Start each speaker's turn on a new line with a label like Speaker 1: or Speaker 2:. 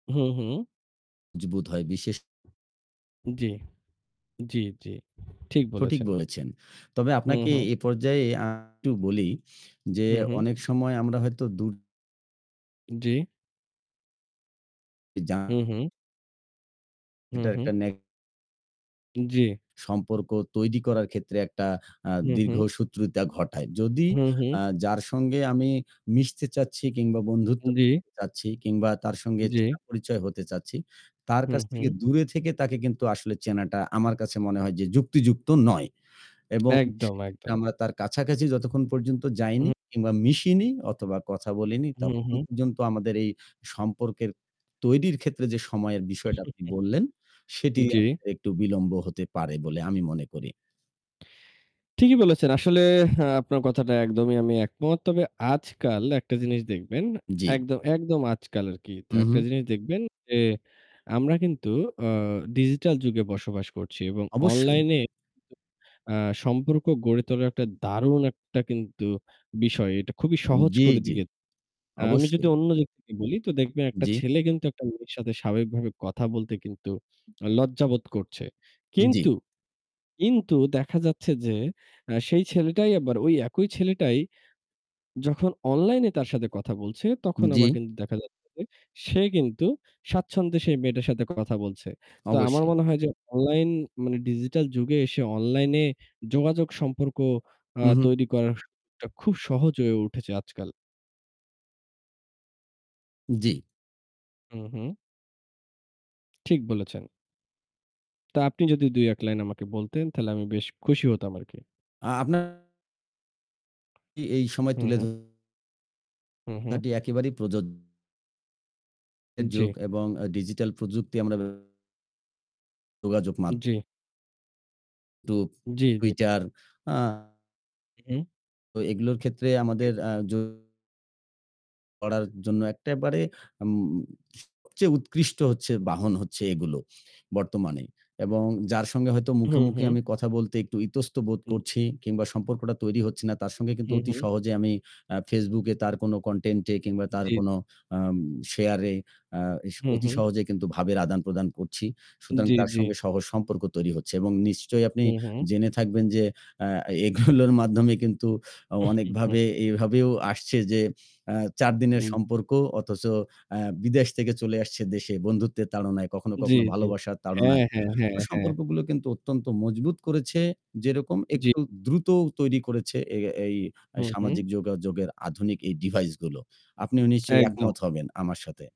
Speaker 1: হুম, হুম।
Speaker 2: মজবুত হয় বিশেষ
Speaker 1: জি, জি, জি ঠিক
Speaker 2: সঠিক
Speaker 1: বলেছেন।
Speaker 2: বলেছেন। তবে
Speaker 1: হুম,
Speaker 2: আপনাকে
Speaker 1: হুম।
Speaker 2: এ পর্যায়ে আমি একটু বলি যে
Speaker 1: হুম, হুম।
Speaker 2: অনেক সময় আমরা হয়তো দূর
Speaker 1: জি।
Speaker 2: ইযা
Speaker 1: হুম, হুম। হুম,
Speaker 2: এটার
Speaker 1: হুম।
Speaker 2: একটা নে
Speaker 1: জি।
Speaker 2: সম্পর্ক তৈরি করার ক্ষেত্রে একটা আ
Speaker 1: হুম, হুম
Speaker 2: দীর্ঘসূত্রতা ঘটায়। যদি
Speaker 1: হুম, হুম।
Speaker 2: আ যার সঙ্গে আমি মিশতে চাচ্ছি কিংবা বন্ধুত্ব
Speaker 1: জি।
Speaker 2: করতে চাচ্ছি কিংবা তার সঙ্গে
Speaker 1: জি।
Speaker 2: চেনা পরিচয় হতে চাচ্ছি, তার
Speaker 1: হুম,
Speaker 2: কাছ থেকে
Speaker 1: হুম।
Speaker 2: দূরে থেকে তাকে কিন্তু আসলে চেনাটা আমার কাছে মনে হয় যে যুক্তিযুক্ত নয় এবং
Speaker 1: একদম,
Speaker 2: সেক্ষেত্রে
Speaker 1: একদম।
Speaker 2: আমরা তার কাছাকাছি যতক্ষণ পর্যন্ত যাইনি
Speaker 1: হুম।
Speaker 2: কিংবা মিশিনি অথবা কথা বলিনি,
Speaker 1: হুম, হু।
Speaker 2: ততক্ষণ পর্যন্ত আমাদের এই সম্পর্কের তৈরির ক্ষেত্রে যে সময়ের বিষয়টা আপনি বললেন সেটি
Speaker 1: জি।
Speaker 2: আমাদের একটু বিলম্ব হতে পারে বলে আমি মনে করি।
Speaker 1: ঠিকই বলেছেন। আসলে আ আপনার কথাটা একদমই আমি একমত। তবে আজকাল একটা জিনিস দেখবেন
Speaker 2: জি।
Speaker 1: একদম একদম আজকাল আরকি। তা
Speaker 2: হুম,
Speaker 1: একটা
Speaker 2: হুম।
Speaker 1: জিনিস দেখবেন যে আমরা কিন্তু অ Digital যুগে বসবাস করছি এবং
Speaker 2: অবশ্যই।
Speaker 1: অনলাইনে কিন্তু আ সম্পর্ক গড়ে তোলার একটা দারুণ একটা কিন্তু বিষয়। এটা খুবই
Speaker 2: উম
Speaker 1: সহজ
Speaker 2: জি,
Speaker 1: করে
Speaker 2: জি
Speaker 1: দিয়েছে। আমি যদি
Speaker 2: অবশ্যই।
Speaker 1: অন্য দিক থেকে বলি তো দেখবেন একটা
Speaker 2: জি।
Speaker 1: ছেলে কিন্তু একটা মেয়ের সাথে স্বাভাবিকভাবে কথা বলতে কিন্তু লজ্জাবোধ করছে। কিন্তু,
Speaker 2: জি।
Speaker 1: কিন্তু দেখা যাচ্ছে যে আ সেই ছেলেটাই আবার ওই একই ছেলেটাই যখন অনলাইনে তার সাথে কথা বলছে, তখন আবার
Speaker 2: জি।
Speaker 1: কিন্তু দেখা যাচ্ছে যে সে কিন্তু স্বাচ্ছন্দ্যে সেই মেয়েটার সাথে কথা বলছে। তো আমার
Speaker 2: অবশ্যই।
Speaker 1: মনে হয় যে অনলাইন মানে Digital যুগে এসে অনলাইনে যোগাযোগ সম্পর্ক আ
Speaker 2: হুম, হুম।
Speaker 1: তৈরি করাটা খুব সহজ হয়ে উঠেছে আজকাল।
Speaker 2: জি।
Speaker 1: হুম, হুম। ঠিক বলেছেন। তা আপনি যদি ২-১ লাইন আমাকে বলতেন তাহলে আমি বেশ খুশি হতাম আরকি।
Speaker 2: আ আপনার [unintelligible] টি এই সময়
Speaker 1: হুম,
Speaker 2: তুলে
Speaker 1: হুম।
Speaker 2: ধরাটি
Speaker 1: হুম, হু।
Speaker 2: একেবারেই প্রযোজ্য এ যুগ
Speaker 1: জি।
Speaker 2: এবং আ ডিজিটাল প্রযুক্তির আমরা ব্যবহার যোগাযোগ মাধ্যম
Speaker 1: জি।
Speaker 2: YouTube,
Speaker 1: জি, জি।
Speaker 2: Twitter আ
Speaker 1: হুম।
Speaker 2: তো এইগুলোর ক্ষেত্রে
Speaker 1: জি।
Speaker 2: আমাদের আ যো করার জন্য একেবারে উম সবচেয়ে উৎকৃষ্ট হচ্ছে বাহন হচ্ছে এগুলো বর্তমানে। এবং যার সঙ্গে হয়তো মুখে,
Speaker 1: হুম, হু।
Speaker 2: মুখে আমি কথা বলতে একটু ইতস্তত বোধ
Speaker 1: উম
Speaker 2: করছি কিংবা সম্পর্কটা তৈরি হচ্ছে না, তার
Speaker 1: উ
Speaker 2: সঙ্গে কিন্তু
Speaker 1: হুম,
Speaker 2: অতি
Speaker 1: হু।
Speaker 2: সহজে আমি আ Facebook এ তার কোনো content এ কিংবা তার
Speaker 1: জি।
Speaker 2: কোনো আম share এ আ এস
Speaker 1: হুম,
Speaker 2: অতি
Speaker 1: হুম।
Speaker 2: সহজে কিন্তু ভাবের আদান প্রদান করছি। সুতরাং
Speaker 1: জি,
Speaker 2: তার
Speaker 1: জি।
Speaker 2: সঙ্গে সহজ সম্পর্ক তৈরি হচ্ছে এবং নিশ্চয়ই আপনি
Speaker 1: হুম, হুম।
Speaker 2: জেনে থাকবেন যে আ এগুলোর মাধ্যমে কিন্তু অ অনেকভাবে এভাবেও আসছে যে আ ৪ দিনের
Speaker 1: অ্যা
Speaker 2: সম্পর্ক অথচ আ বিদেশ থেকে চলে আসছে দেশে বন্ধুত্বের তাড়নায়, কখনো,
Speaker 1: জি,
Speaker 2: কখনো
Speaker 1: জি।
Speaker 2: ভালোবাসার
Speaker 1: হ্যাঁ,
Speaker 2: তাড়নায়।
Speaker 1: হ্যাঁ,
Speaker 2: তো
Speaker 1: হ্যাঁ, হ্যাঁ।
Speaker 2: সম্পর্কগুলো কিন্তু অত্যন্ত মজবুত করেছে, যেরকম
Speaker 1: জি।
Speaker 2: একটু দ্রুতও তৈরি করেছে এ এই আ
Speaker 1: হুম, হুম।
Speaker 2: সামাজিক যোগাযোগ এর আধুনিক এই device গুলো। আপনিও নিশ্চয়ই
Speaker 1: একদম।
Speaker 2: একমত হবেন আমার সাথে।